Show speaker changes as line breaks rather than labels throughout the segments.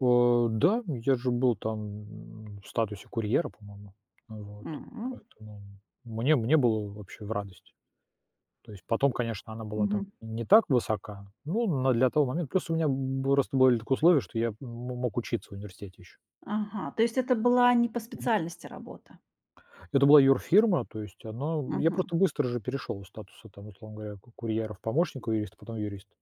О да, я же был там, м, в статусе курьера, по-моему. А, вот.
М, м.
Поэтому, м, мне мне было вообще в радость. То есть потом, конечно, она была там
Мгм.
и не так высока, ну, на для того момента просто у меня, м, был просто были такие условия, что я мо мог учиться в университете ещё.
Ага, то есть это была не по
Мгм.
специальности работа?
Это была юрфирма, то есть она я
Мгм.
просто быстро же перешёл из статуса там, условно говоря, ку курьера в помощника юрист, потом юрист.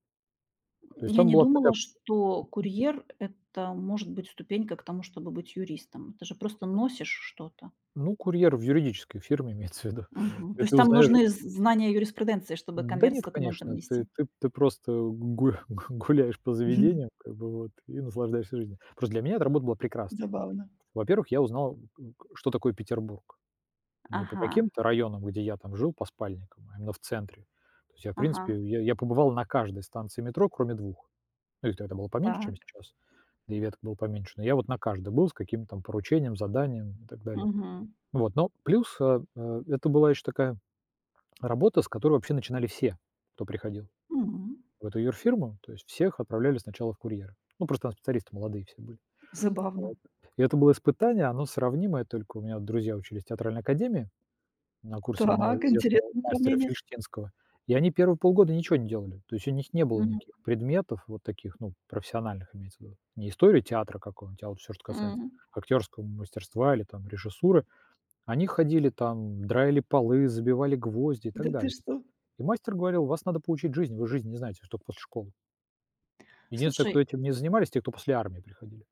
То есть
Я
там
не
была
думала,
такая
что курьер- это может быть ступенька к тому, чтобы быть юристом. Ты же просто носишь что-то.
Ну, курьер в юридической фирме, имеется в виду,
Мгм, то
и
есть
ты
там
узнаёшь ы
нужны з знания о юриспруденции, чтобы
Н да
конверт с
нет,
документом
конечно, ты
нести?
ты ты просто гурх гу гуляешь по заведению, как бы, вот, и наслаждаешься жизнью. Просто для меня это работа была прекрасна.
Забавно.
Во-первых, я узнал, у ка что такое Петербург, не по
Ага.
каким-то районам, где я там жил по спальникам, а именно в центре. То есть я, в
Ага.
принципе, я я побывал на каждой станции метро, кроме 2. Ну, их тогда было поменьше, чем
Так.
сейчас, да и веток было поменьше. Но я вот на каждой был с каким-то там поручением, заданием и так далее.
Мгм.
Ну вот, ну, плюс, э, а, это была ещё такая работа, с которой вообще начинали все, кто приходил
М.
в эту юрфирму. То есть всех отправляли сначала в курьеры, ну, просто там специалисты молодые все были.
Забавно.
Вот, и это было испытание, оно сравнимое, только у меня вот друзья учились в театральной академии, на курсе одного
Так,
известного
интересное
мастера
сравнение.
Фильштинского, и они первые полгода ничего не делали. То есть у них не было
Мгм.
никаких предметов вот таких, ну, профессиональных, имеется в виду, не история театра, какого театра, а вот всё, что касается
М.
актёрского мастерства или там режиссуры. Они ходили там, драили полы, забивали гвозди и так
Да ты
далее.
что?
И мастер говорил: "Вас надо поучить жизнь, вы жизни не знаете, вы ж тока после школы". Единственный,
Слушай
кто этим не занимались- те, кто после армии приходили.